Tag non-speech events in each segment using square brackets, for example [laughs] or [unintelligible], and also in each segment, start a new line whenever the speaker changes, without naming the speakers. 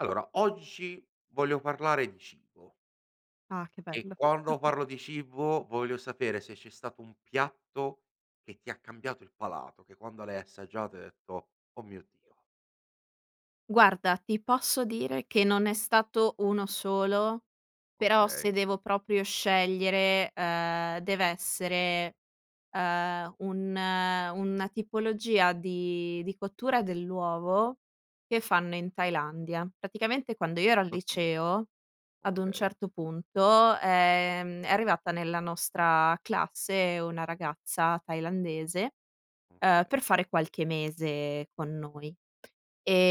Allora, oggi voglio parlare di cibo.
Ah, che
E
bello.
quando parlo
[chuckles]
di cibo, voglio sapere se c'è stato un piatto che ti ha cambiato il palato, che quando l'hai assaggiato hai detto: "Oh mio Dio".
Guarda, ti posso dire che non è stato 1 solo, però
Okay.
se devo proprio scegliere, uhm, deve essere, uhm, un una tipologia di di cottura dell'uovo che fanno in Thailandia. Praticamente quando io ero al
Okay.
liceo ad un
Okay.
certo punto, ehm, è arrivata nella nostra classe una ragazza tailandese, uhm, per
Okay.
fare qualche mese con noi,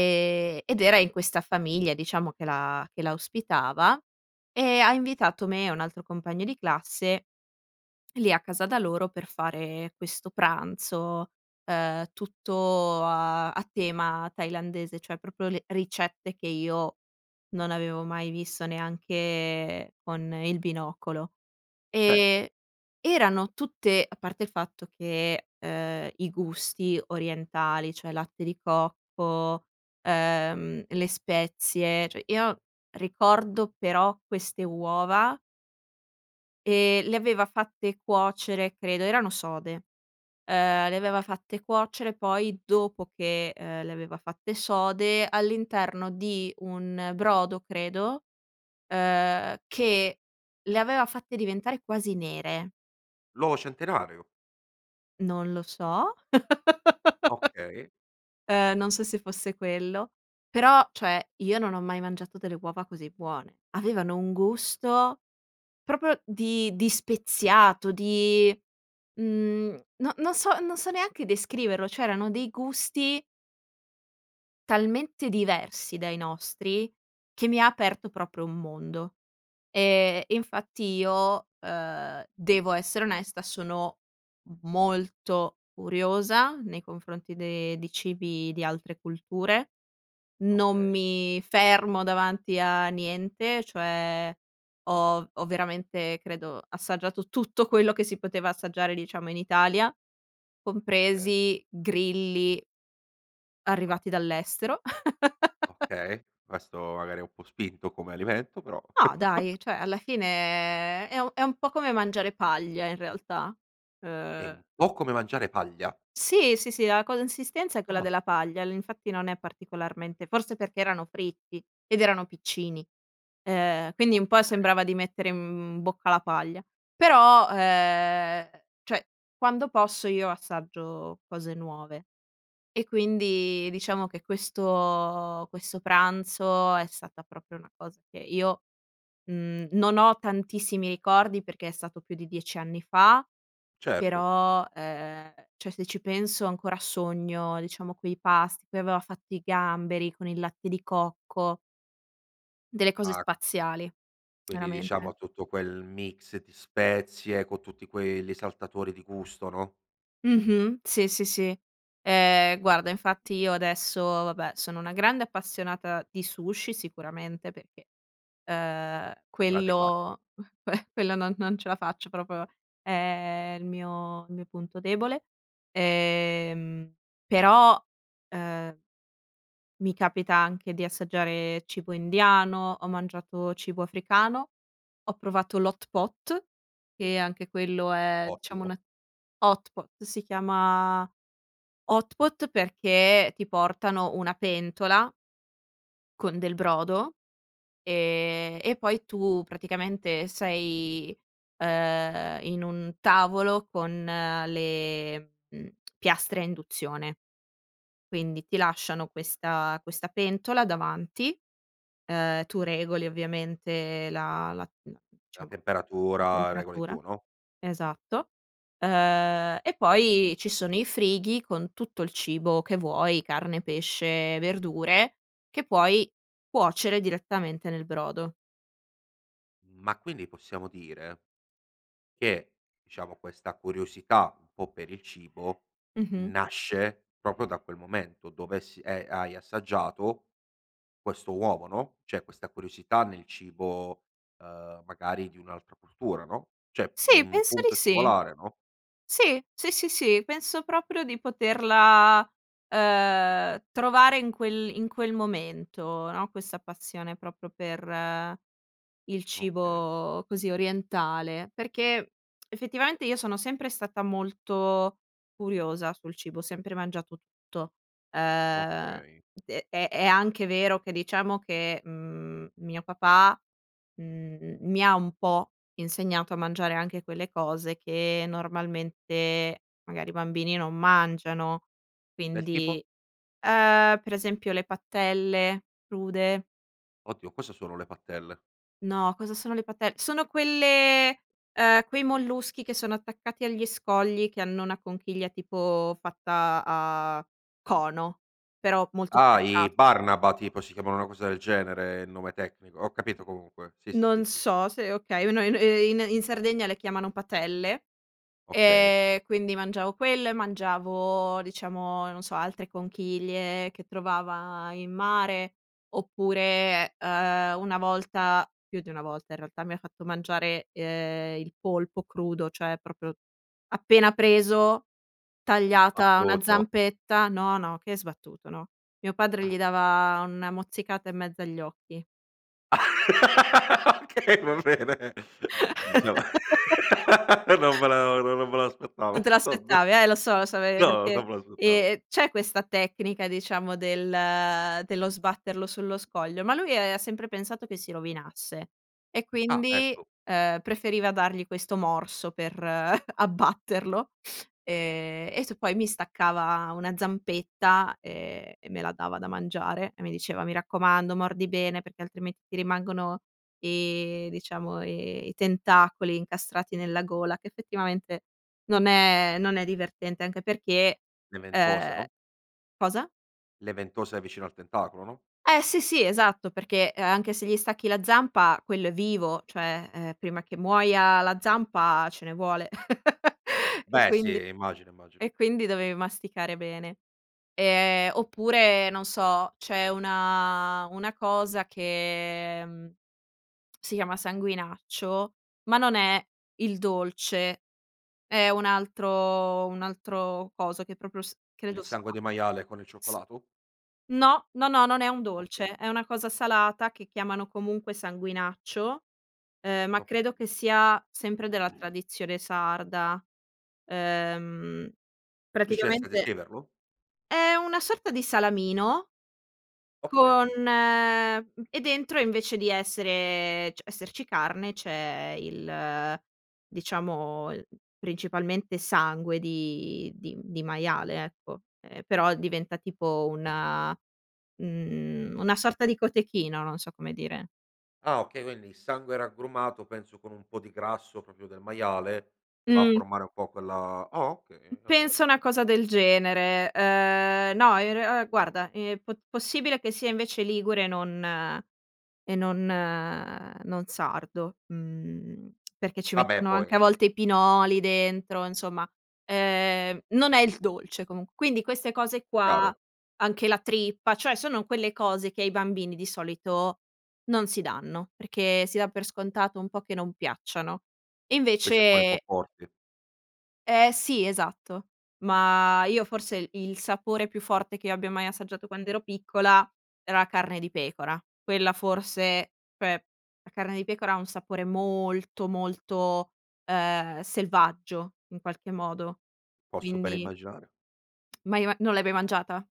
O
ed era in questa famiglia, diciamo, che la che la ospitava e ha invitato me e un altro compagno di classe lì a casa da loro per fare questo pranzo, uhm, tutto a a tema tailandese, cioè proprio le ricette che io non avevo mai visto neanche con il binocolo
Certo.
e erano tutte a parte il fatto che, uhm, i gusti orientali, cioè latte di cocco, ehm, le spezie, cioè io ricordo però queste uova e le aveva fatte cuocere, credo erano sode, ehm, le
Okay.
aveva fatte cuocere poi dopo che, uhm, le aveva fatte sode all'interno di un brodo, credo, uhm, che le aveva fatte diventare quasi nere.
L'uovo centenario.
Non lo so,
Okay.
[chuckles] ehm, non so se fosse quello, però cioè io non ho mai mangiato delle uova così buone. Avevano un gusto proprio di di speziato, di, mhmm, no non so non so neanche descriverlo. C'erano dei gusti talmente diversi dai nostri che mi ha aperto proprio un mondo, ehm, e infatti io, uhm, devo essere onesta, sono molto curiosa nei confronti de di cibi di altre culture, non
Okay.
mi fermo davanti a niente, cioè ho ho veramente credo assaggiato tutto quello che si poteva assaggiare, diciamo, in Italia,
Okay.
compresi grilli.
Oh no.
arrivati dall'estero. [chuckles]
Okay. Questo, magari è un po' spinto come alimento però.
No dai.
[chuckles]
Cioè alla fine è è un è un po' come mangiare paglia in realtà,
È un
uhm
po' come mangiare paglia?
Sì, sì, sì, la consistenza è quella
Ah.
della paglia, infatti non è particolarmente forse perché erano fritti ed erano piccini. Uhm, quindi un po'
Okay.
sembrava di mettere, mhmm, in bocca la paglia. Però, uhm, cioè, quando posso io assaggio cose nuove e quindi diciamo che questo questo pranzo è stata proprio una cosa che io, mhmm, non ho tantissimi ricordi perché è stato più di 10 anni fa,
Certo.
però, ehm, cioè se ci penso ancora sogno, diciamo, quei pasti. Poi aveva fatto i gamberi con il latte di cocco. Delle cose
Ah.
spaziali,
Quindi
veramente.
diciamo tutto quel mix di spezie co' tutti quei esaltatori di gusto, no?
Mh-mh, sì, sì, sì, ehm, guarda, infatti io adesso, vabbè, sono una grande appassionata di sushi, sicuramente, perché, ehm,
Grande classico.
quello [chuckles] quello non non ce la faccio proprio, è il mio il mio punto debole, ehm, però, ehm, mi capita anche di assaggiare cibo indiano, ho mangiato cibo africano, ho provato l' hot pot, che anche quello è, diciamo
Ottimo.
una hot pot, si chiama hot pot perché ti portano una pentola con del brodo e e poi tu praticamente sei, ehm, in un tavolo con le, mhmm, piastre a induzione, quindi ti lasciano questa questa pentola davanti, ehm, tu regoli ovviamente la la la
La
diciamo, la
temperatura regoli
temperatura,
tu, no?
esatto, uhm, e poi ci sono i frighi con tutto il cibo che vuoi: carne, pesce, verdure che puoi cuocere direttamente nel brodo.
Ma quindi possiamo dire che, diciamo, questa curiosità un po' per il cibo
Mh-mh.
nasce proprio da quel momento dove, s eh, hai assaggiato questo uovo, no? Cioè, questa curiosità nel cibo, uhm, magari di un'altra cultura, no? Cioè,
Sì,
mhmm, un
penso di
punto
sì.
singolare, no?
Sì, sì, sì, sì, penso proprio di poterla, uhm, trovare in quel in quel momento, no, questa passione proprio per, ehm, il
Okay.
cibo così orientale, perché [tsk] effettivamente io sono sempre stata molto curiosa sul cibo, ho sempre mangiato tutto, uhm,
Okay.
e e è anche vero che diciamo che, mhmm, mio papà, mhmm, mi ha un po' insegnato a mangiare anche quelle cose che normalmente magari i bambini non mangiano.
Del tipo?
Quindi, uhm, per esempio le patelle crude.
Oh Dio, cosa sono le pattelle?
No, cosa sono le pattel sono quelle, uhm, quei molluschi che sono attaccati agli scogli che hanno una conchiglia tipo fatta a cono, però molto
Ah, i
sbucciato.
Barnaba tipo, si chiamano una cosa del genere, il nome tecnico. Ho capito comunque, sì, sì, sì,
Non
sì, sì.
so se okay, un ehm, i in in Sardegna le chiamano "patelle"
Okay.
e quindi mangiavo quelle, mangiavo, diciamo, non so, altre conchiglie che trovava in mare oppure, uhm, una volta, più di una volta in realtà, mi ha fatto mangiare, uhm, il polpo crudo, cioè proprio appena preso, tagliata una
Sbattuto.
zampetta no, no, che sbattuto, no. Mio padre
Ah.
gli dava una mozzicata in mezzo agli occhi.
[laughs] Okay, va bene, diciamo, non
[laughs]
me la no, non me
Non
l'aspettavo,
te
vabbè.
l'aspettavi, eh, lo so, lo so, ehm,
No,
perché,
non me l'aspettavo.
ehm, c'è questa tecnica, diciamo, del dello sbatterlo sullo scoglio, ma lui aveva sempre pensato che si rovinasse e
Ah,
quindi,
ecco.
ehm, preferiva dargli questo morso per [chuckles] abbatterlo e e t poi mi staccava una zampetta e e me la dava da mangiare e mi diceva: “Mi raccomando, mordi bene, perché altrimenti ti rimangono i, diciamo, i i tentacoli incastrati nella gola”, che effettivamente non è non è divertente, anche perché,
Le ventose,
ehm,
no?
cosa?
Le ventose vicino al tentacolo, no?
Eh sì, sì, esatto, perché, uhm, anche se gli stacchi la zampa quello è vivo, cioè, ehm, prima che muoia la zampa ce ne vuole [chuckles] e
Beh sì.
quindi
Immagino, immagino.
e quindi dovevi masticare bene. Ehm, oppure, non so, c'è una una cosa che, mhmm, si chiama sanguinaccio, ma non è il dolce, è un altro un altro coso che proprio s credo
Il sangue
[unintelligible]
di maiale con il
s
cioccolato?
no, no, no, non è un dolce,
Okay.
è una cosa salata che chiamano comunque sanguinaccio, ehm, ma credo
Okay.
che sia sempre della
[clears throat]
tradizione sarda, ehm,
Riusciresti a
praticamente
descriverlo?
è una sorta di salamino con
Okay.
e dentro, invece di essere cioè esserci carne, c'è il, diciamo il principalmente sangue di di di maiale, ecco, ehm, però diventa tipo una, mhmm, una sorta di cotechino, non so come dire.
Ah, okay. Quindi il sangue raggrumato penso con un po' di grasso proprio del maiale che va a
Mh.
formare un po' quella ah okay, diciamo
Penso una cosa del genere. Ehm, no, in re ehm, guarda, ehm, pot possibile che sia invece ligure e non e non non sardo. Mhmm, [tsk] perché ci
Vabbè,
mettono anche a
poi
volte i pinoli dentro, insomma, ehm, non è il dolce comunque, quindi queste cose qua,
Chiaro.
anche la trippa, cioè sono quelle cose che ai bambini di solito non si danno, perché si dà per scontato un po' che non piacciano,
Quei sapori un po'
invece
forti.
Eh sì, esatto, ma io forse il il sapore più forte che io abbia mai assaggiato quand'ero piccola era la carne di pecora, quella forse, cioè la carne di pecora ha un sapore molto, molto, ehm, selvaggio in qualche modo,
Posso bene
quindi
immaginare.
[tsk] Mai i ma non l'hai mai mangiata?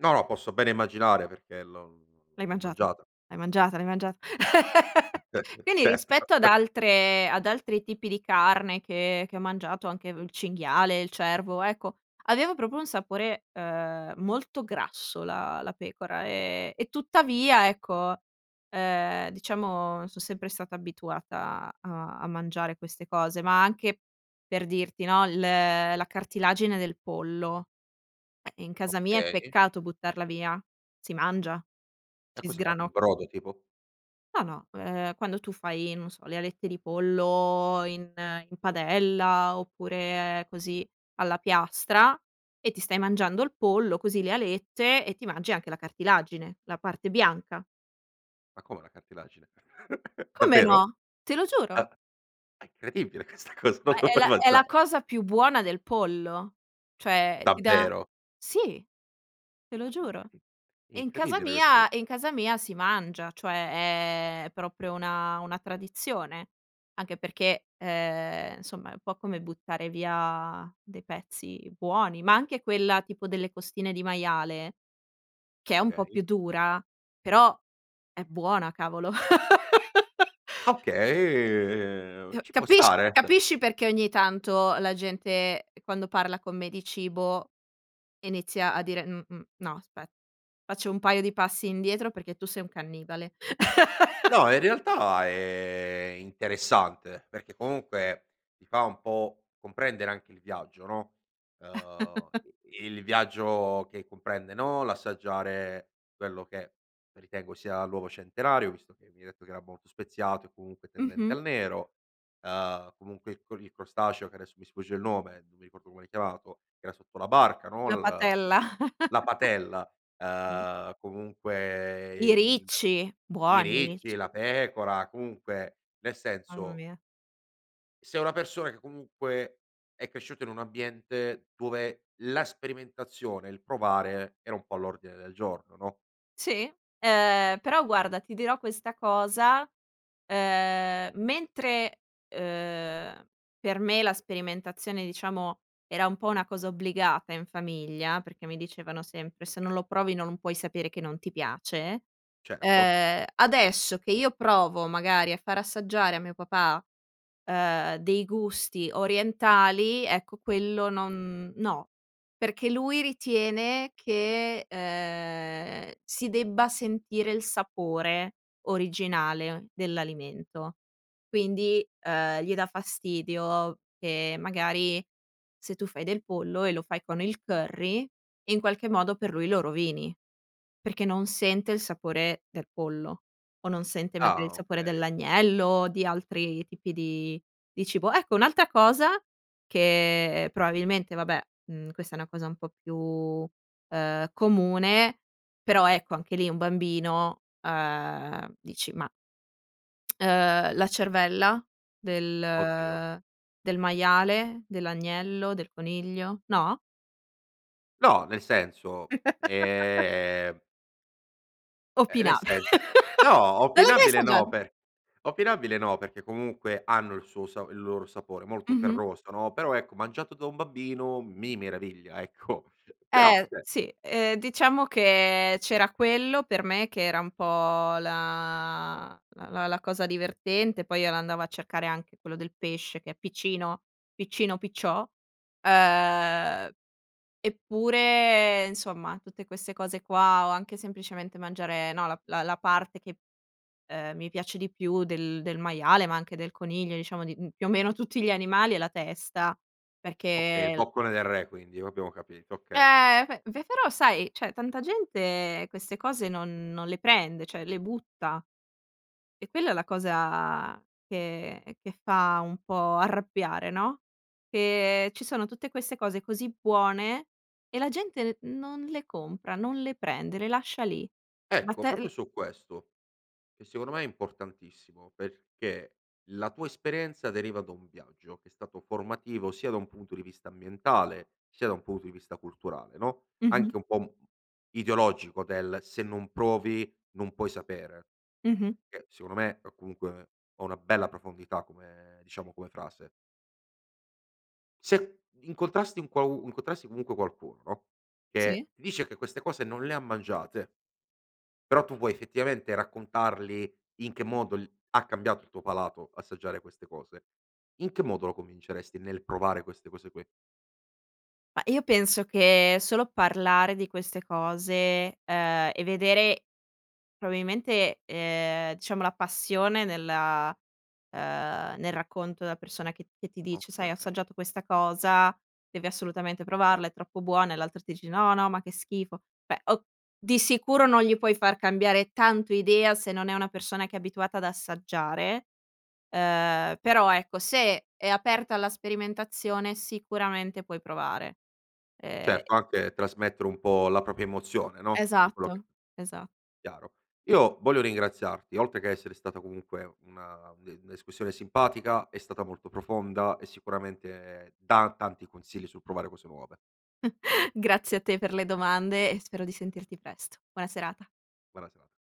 No, no. Posso bene immaginare perché l'ho
L'hai
l'ho
mangiata?
mangiata,
L'hai
beh,
mangiata? L'hai
sì.
mangiata? [chuckles]
[chuckles]
Quindi
Certo.
rispetto ad
[chuckles]
altre ad altri tipi di carne che che ho mangiato, anche il cinghiale, il cervo, ecco, aveva proprio un sapore, uhm, molto grasso la la pecora, e e tuttavia, ecco, ehm, diciamo, son sempre stata abituata a a mangiare queste cose. Ma anche per dirti, no, il la cartilagine del pollo, eh in casa mia è
Okay.
peccato buttarla via, si mangia,
E
si
cosa fate, il
sgranocchia.
brodo tipo?
No, no, ehm, quando tu fai, non so, le alette di pollo in in padella oppure così alla piastra e ti stai mangiando il pollo così, le alette, e ti mangi anche la cartilagine, la parte bianca.
Ma come la cartilagine? [chuckles]
Come
Davvero?
no? Te lo giuro.
Ah, ah, incredibile questa cosa, non
Ma
lo
è
puoi
la è la
mangiare.
cosa più buona del pollo, cioè ti dà
Davvero?
sì, te lo
Ah
giuro,
incredib
e in casa
incredibile questa co
mia e in casa mia si mangia, cioè è proprio una una tradizione, anche perché, ehm, insomma, è un po' come buttare via dei pezzi buoni, ma anche quella tipo delle costine di maiale, che è un po'
Okay.
più dura, però è buona, cavolo. [laughs]
Okay, uhm,
Eh,
ci può
capisci
stare, eh, cioè
capisci perché ogni tanto la gente quando parla con me di cibo inizia a dire: "Mh-mh, no aspè, faccio un paio di passi indietro perché tu sei un cannibale". [chuckles]
No, in realtà è interessante, perché comunque ti fa un po' comprendere anche il viaggio, no? Uhm,
[chuckles]
i il viaggio che comprende, no, l'assaggiare quello che ritengo sia l'uovo centenario, visto che mi hai detto che era molto speziato e comunque tendente
Mh-mh.
al nero, ehm, comunque il co il crostaceo che adesso mi sfugge il nome, non mi ricordo come l'hai chiamato, che era sotto la barca, no.
La
La
patella. [chuckles]
la patella,
Sì.
uhm, comunque, eh,
I
il
ricci,
i
buoni i ricci.
ricci, la pecora, comunque, nel
Mamma
senso
mia.
sei una persona che comunque è cresciuta in un ambiente dove la sperimentazione e il provare era un po' all'ordine del giorno, no?
Sì. Ehm, però guarda, ti dirò questa cosa, ehm, mentre, uhm, per me la sperimentazione, diciamo, era un po' una cosa obbligata in famiglia, perché mi dicevano sempre: “Se non lo provi, non puoi sapere che non ti piace”,
Certo.
uhm, adesso che io provo magari a far assaggiare a mio papà, uhm, dei gusti orientali, ecco, quello no, perché lui ritiene che, uhm, si debba sentire il sapore originale dell'alimento. Quindi, uhm, gli dà fastidio che magari, se tu fai del pollo e lo fai con il curry, in qualche modo per lui lo rovini, perché non sente il sapore del pollo o non sente magari il
Ah,
sapore
okay.
dell'agnello, di altri tipi di di cibo. Ecco, un'altra cosa che probabilmente, vabbè, mhmm, questa è una cosa un po' più, uhm, comune, però ecco, anche lì un bambino, uhm, dici, ma, [tsk] uhm, la cervella
Oddio.
del del maiale, dell'agnello, del coniglio, no?
No, nel senso,
[laughs]
ehm ehm, nel
Opinab
senso, no,
[laughs] non li hai mai
opinabile no
assaggiati?
pe opinabile no, perché comunque hanno il suo sa il loro sapore, molto
Mh-mh.
ferroso, no? Però ecco, mangiato da un bambino, mi meraviglia, ecco, però,
Eh
cioè
sì, ehm, diciamo che c'era quello per me che era un po' la la la cosa divertente. Poi io l'andavo a cercare anche quello del pesce, che è piccino, piccino, picciò, uhm, eppure, insomma, tutte queste cose qua, o anche semplicemente mangiare, no, la la la parte che, ehm, mi piace di più del del maiale, ma anche del coniglio, diciamo, di, mhmm, più o meno tutti gli animali, è la testa, perché
Okay, il
è l
boccone del re quindi. Lo abbiamo capito, okay.
Eh beh. Beh, però sai, cioè tanta gente queste cose non non le prende, cioè le butta, è quella la cosa che che fa un po' arrabbiare, no? Che ci sono tutte queste cose così buone e la gente non le compra, non le prende, le lascia lì. Ma
Ecco,
te
proprio
l
su questo, che secondo me è importantissimo, perché la tua esperienza deriva da un viaggio che è stato formativo, sia da un punto di vista ambientale sia da un punto di vista culturale, no,
Mh-mh.
anche un po', mhmm, ideologico del: se non provi non puoi sapere,
Mh-mh.
che secondo me ha comunque ha una bella profondità come, diciamo, come frase. Se incontrasti un quau incontrassi comunque qualcuno, no,
Sì.
che ti dice che queste cose non le ha mangiate, però tu vuoi effettivamente raccontargli in che modo l ha cambiato il tuo palato assaggiare queste cose, in che modo lo convinceresti nel provare queste cose qui?
Ma io penso che solo parlare di queste cose, uhm, e vedere probabilmente, uhm, diciamo, la passione nella, ehm, nel racconto della persona che che ti dice: “Sai, ho
Okay.
assaggiato questa cosa, devi assolutamente
Se.
provarla, è troppo buona”, e l'altro ti dice: “No, no, ma che schifo”, beh o di sicuro non gli puoi far cambiare tanto idea se non è una persona che è abituata ad assaggiare, ehm, però ecco, se è aperta alla sperimentazione, sicuramente puoi provare. Ehm
Certo, anche trasmettere un po' la propria emozione, no, di quello che
Esatto, esatto.
Chiaro. Io voglio ringraziarti, oltre che a essere stata comunque una de discussione simpatica, è stata molto profonda e sicuramente dà tanti consigli sul provare cose nuove.
[chuckles] Grazie a te per le domande e spero di sentirti presto. Buona serata.
Buona serata.